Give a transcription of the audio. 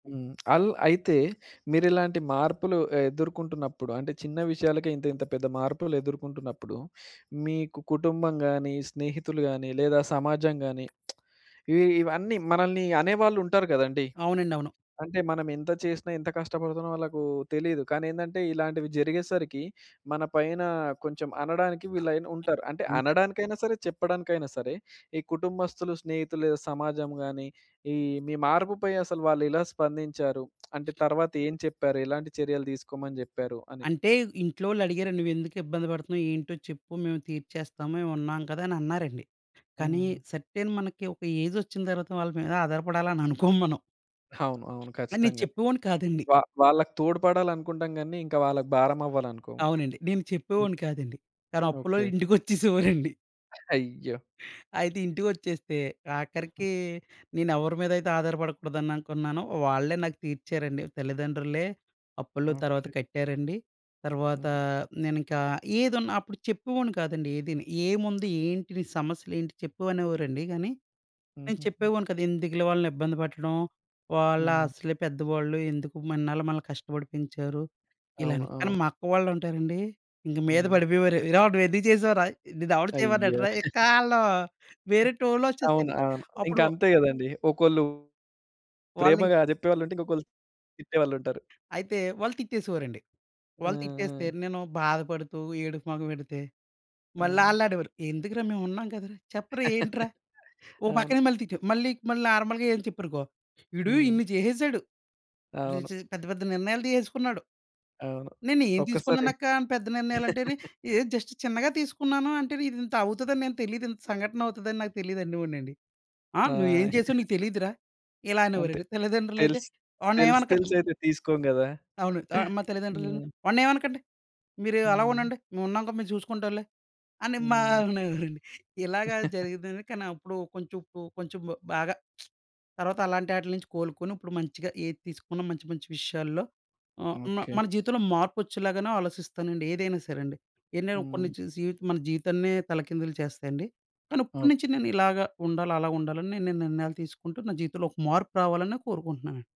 హ్మ్. అళ్ళు అయితే, మీరిలాంటి మార్పులు ఎదుర్కుంటున్నప్పుడు, అంటే చిన్న విషయాలకే ఇంత ఇంత పెద్ద మార్పులెదుర్కుంటున్నప్పుడు, మీకు కుటుంబం గాని, స్నేహితులు గాని, లేదా సమాజం గాని, ఇవి ఇవన్నీ మనల్ని అనేవాళ్ళుంటారు గదండీ. అవునండి. అవును. అంటే మనమెంత చేసినా, ఎంత కష్టపడుతున్నామో ఆళ్ళకు తెలీదు. కానీ ఏందంటే ఇలాంటివి జరిగేసరికి, మన పైన కొంచెం అనడానికి ఆ! వీళైన ఉంటారు. అంటే ఇంక అనడానికైనా సరే, చెప్పడానికైనా సరే ఈ కుటుంబస్తులు, స్నేహితులు లేదా సమాజం గాని, ఈ మీ మార్పుపై అసలు వాళ్ళెలా స్పందించారు? అంటే తర్వాత ఏం చెప్పారు? ఎలాంటి చర్యలు దీసుకోమని జెప్పారు? అని. అంటే ఇంట్లోవోళ్ళు అడిగారండి "నువ్వెందుకు ఇబ్బంది బడుతున్నావు? ఏంటో చెప్పు మేము తీర్చేస్తాము. మేమున్నాం కదా" అని అన్నారండి. కానీ హ్మ్. సర్టెన్ మనకి ఒక ఏజొచ్చిన తర్వాత వాళ్ళ మీద ఆధారపడాలని అనుకోం మనం. అవును. అవును. ఆ నేను ఖచ్చితంగా. చెప్పేవాడిని కాదండి. వా వాళ్ళకి తోడ్పడాలనుకుంటాం గాని, ఇంక వాళ్ళకి భారం అవ్వాలనుకోము. అవునండి. నేను చెప్పేవాడిని కాదండి. కాని అప్పులోళ్ళు ఓకే. ఇంటికొచ్చేసేవారండి. అయ్యో! అయితే ఇంటికొచ్చేస్తే, ఆఖరికి నేనేవరి మీదయితే ఆధారపడకూడదు అని అనుకున్నానో వాళ్ళే నాకు తీర్చారండి. తల్లిదండ్రులే అప్పుల్లు తర్వాత ఓకే. కట్టారండి. తర్వాతా, హుహు. నేనింకా ఏదున్నా అప్పుడు చెప్పేవాడిని కాదండి ఏదిని. "ఏముంది? ఏంటి? నీ సమస్యలేంటి?" చెప్పు అనేవారండి. గానీ నేను హుహుహు. చెప్పేవాడిని కాదు. ఎందుకు‌లే వాళ్ళనిబ్బంది పెట్టడం. వాళ్ళ హుహు. అసలే పెద్దవాళ్ళు ఎందుకు ఇన్నాళ్ళు మనల్ని కష్టపడి పెంచారు. అవును. ఇలాని, కాని అవును. మా అక్క వాళ్ళుంటారండి. ఇంక మీద హ్మ్. పడిపోయేవారు. "ఏరా! నువ్వేందుకు చేసావురా? నిన్నెవడు అయ్యో! చేయమన్నాడురా?" ఇక్కాళ్ళు వేరే అవును. టోన్‌లోచ్చేస్తది. అవును. ఇంకా అప్పుడు అంతే గదండీ. ఒకొళ్ళు, వాళ్ళింకా ప్రేమగా జెప్పేవాళ్ళుంటే ఇంకొకళ్ళు తిట్టేవాళ్ళుంటారు. అయితే, వాళ్ళు తిట్టేసేవారండి. ఆ! వాళ్ళు తిట్టేస్తే ఆ! నేను బాధపడుతూ, ఏడుపు మొహం ఎడితే, మళ్ళా హ్మ్. ఆల్లానేవారు. "ఎందుకురా మేమున్నాం కదరా! చెప్పరా! ఏంట్రా?" ఓ అవును. పక్కనే మళ్ళీ తిట్టే మళ్ళీ, మళ్ళీ నార్మల్‌గా ఏం చెప్పారనుకో "వీడు హ్మ్. ఇన్ని చేసేసాడు. ఈడు అవును. చే పెద్ద పెద్ద నిర్ణయాలు తీసేసుకున్నాడు." అవును. "నేనేం ఒక్కసారి తీసుకున్నానక్కా అని పెద్ద నిర్ణయాలు" అంటేని. "ఎహ్, జస్ట్ చిన్నగా తీసుకున్నాను, అంటేను ఇదింతవుతదని నేను తెలీదు ఇంత సంఘటనవుతదని నాకు తెలీదు" అనే వాడినండి. "ఆ! ఆ! నువ్వేం చేసావో నీకు తెలీదు‌రా?" ఇలా అంతే. అనేవారండి. తల్లిదండ్రులయితే తెలిస్ తెలిసి "వాడినేమనకండి." మ్ తెలిసయితే తీసుకోం గదా! అవును. ఆహ్, మా తల్లిదండ్రులు ఇలా హ్మ్. "వాడినేమనకండి. మీరు అలా హ్మ్. ఉండండి. మేమున్నాంగ మేము చూసుకుంటాంలే." అని మా హ్మ్. అనేవారండి. ఇలాగ జరిగిందని, కాని అప్పుడు కొంచెం పు కొంచెం బాగా తర్వాత అలాంటాటిల్నుంచి కోలుకొని ఇప్పుడు మంచిగా ఏది తీసుకున్న మంచి మంచి విషయాల్లో, ఆహ్, మ ఓకే. మన జీవితంలో మార్పొచ్చేలాగానే ఆలోచిస్తానండి. ఏదైనా సరే అండి. ఎన్నైనా కొన్ని హ్మ్. చూసి జీవితం మన జీవితాన్నే తలకిందులు చేస్తాయండి. కానీ ఇప్పుడినుంచి ఓకే. నేనిలాగ ఉండాలి, అలా ఉండాలని నేను ఈ నిర్ణయాలు తీసుకుంటూ నా జీవితంలో ఒక మార్పు రావాలనే కోరుకుంటున్నానండి.